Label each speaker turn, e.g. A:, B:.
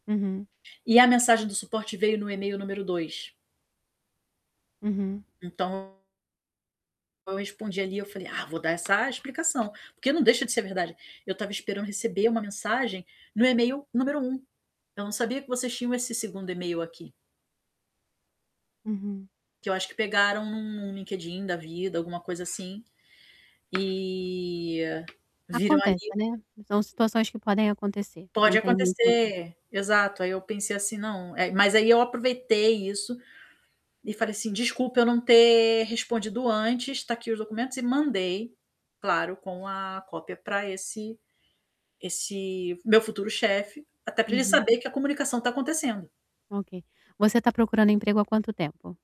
A: Uhum.
B: E a mensagem do suporte veio no e-mail número 2.
A: Uhum.
B: Então eu respondi ali, eu falei: "Ah, vou dar essa explicação", porque não deixa de ser verdade. Eu estava esperando receber uma mensagem no e-mail número 1. Eu não sabia que vocês tinham esse 2º e-mail aqui.
A: Uhum.
B: Que eu acho que pegaram num LinkedIn da vida, alguma coisa assim, eh, viram ali
A: Acontece, né, são situações que podem acontecer, não
B: Pode
A: tem muita
B: acontecer, exato, aí eu pensei assim: "Não", eh, mas aí eu aproveitei isso, e falei assim: "Desculpa, eu não ter respondido antes, tá aqui os documentos.", e mandei, claro, com a cópia pra esse esse meu futuro chefe, até para ele
A: Uhum.
B: saber que a comunicação está acontecendo.
A: Ok. Você tá procurando emprego há quanto tempo?